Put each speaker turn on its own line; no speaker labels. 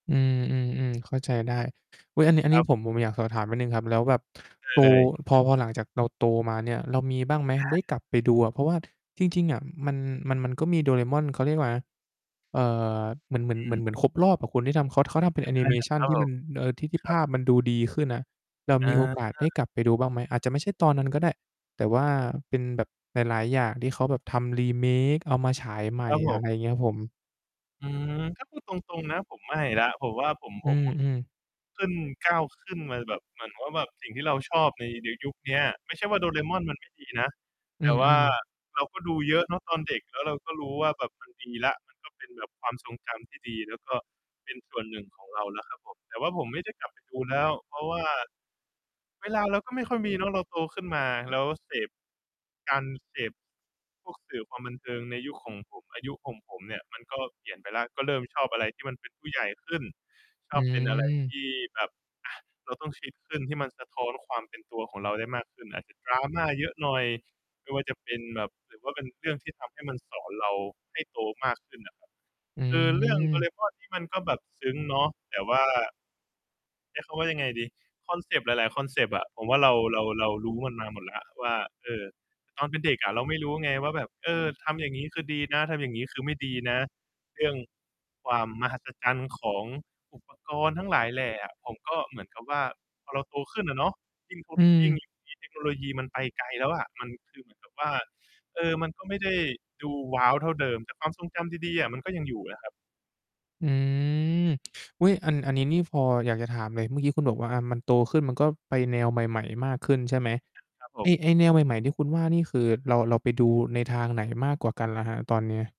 อืม ๆ ๆ เข้าใจได้ อุ๊ย อันนี้ อัน
ค
น
ร
ี้
ับ
ผม ผมอยากสอบถามนิดหนึ่งครับ แล้วแบบ
ใช่
โต
เลย
พอ พอหลังจากเราโตมาเนี่ย เรามีบ้างไหม
ใช
ได้
่
กลับไปดูอะ เพราะว่า จริง ๆ อะ มัน มัน มันก็มีโดเรม่อน เขาเรียกว่าอะไรนะ เอ่อ เหมือน เหมือน
อ
เหมือน
ือ
เหมือนครบรอบอะ คนที่ทำ เขา เขาทำเป็นแ
อ
อนิ
า
เมชั
ค
น
รับ
ที่
ผ
มั
ม
น เอ่อ ที่ ที่
ค
ภ
รับ
าพมันดูดีขึ้นอะ เรา
อ
มี
า
โอกาสได้กลับไปดูบ้างไหม? อาจจะไม่ใช่ตอนนั้นก็ได้ แต่ว่าเป็นแบบหลาย ๆ อย่างที่เขาแบบทำ remake เอามาฉายใหม
ค
่
รับผ
อะไ
ม
รเงี้ยครับผม?
อืม ก็พูดตรง ๆ นะผมไม่แล้ว ผมว่า ผม
อ
ผ
ื
ม ผ
ม ๆ
ขึ้น ก้าวขึ้นมาแบบ เหมือนว่าแบบสิ่งที่เราชอบใน ในยุคเนี้ย ไม่ใช่ว่าโดเรม่อนมันไม่ดีนะ
อื
แต่ว่า
อ ๆ
เราก็ดูเยอะเนาะ ตอนเด็ก แล้วเราก็รู้ว่าแบบ มัน ดีแล้ว มันก็เป็นแบบความทรงจำที่ดี แล้วก็เป็นส่วน 1 ของเราแล้วครับผม แต่ว่าผมไม่ได้กลับไปดูแล้ว เพราะว่า เวลาเราก็ไม่ค่อยมีเนาะ เราโตขึ้นมาแล้วเสพ การเสพ พวกสื่อความบันเทิงในยุคของผม อายุของผมเนี่ย มันก็เปลี่ยนไปแล้ว ก็เริ่มชอบอะไรที่มันเป็นผู้ใหญ่ขึ้น ช
อ
อบเป็นอะไรท
ืม
ี่แบบ อะ เราต้องคิดขึ้นที่มันสะท้อนความเป็นตัวของเราได้มากขึ้น อาจจะดราม่าเยอะหน่อย ไม่ว่าจะเป็นแบบ หรือว่าเป็นเรื่องที่ทำให้มันสอนเราให้โตมากขึ้น อะครับ
อ
คือเรื่องโดเ
ื
ร
ม
ม่อนนี่มันก็แบบซึ้งเนาะ แต่ว่า ใช้คำว่ายังไงดี คอนเซปต์หลาย ๆ คอนเซปต์อะ ผมว่าเรา เรา เรารู้มันมาหมดแล้วว่า เออ ตอนเป็นเด็กอะเราไม่รู้ไงว่าแบบ เออ ทำอย่างงี้ คือดีนะ ทำอย่างนี้ คือไม่ดีนะ เรื่องความมหัศจรรย์ของ อุปกรณ์ ทั้งหลายแหล่อะ ผมก็เหมือนกับว่าพอเราโตขึ้นอะเนาะ ยิ่งท
อื
ก ยิ่ง
ม
เดี๋ยวนี้ เทคโนโลยีมันไปไกลแล้วอะ มันคือ เหมือนกับ ว่า เออ มันก็ไม่ได้ดู ว้าว เท่าเดิม แต่ความทรงจำดี ๆ อะ มันก็ยังอยู่นะครับ
อืม อุ๊ย อัน อันนี้นี่พออยากจะถามเลย เมื่อกี้คุณบอกว่า อะ มันโตขึ้น มันก็ไปแนวใหม่ ๆ มากขึ้นใช่ไหม
ครับผ
ไอ้
ม
ไอ้แนวใหม่ ๆ ที่คุณว่านี่ คือเรา เราไปดูในทางไหนมากกว่ากันอะครับตอนนี้?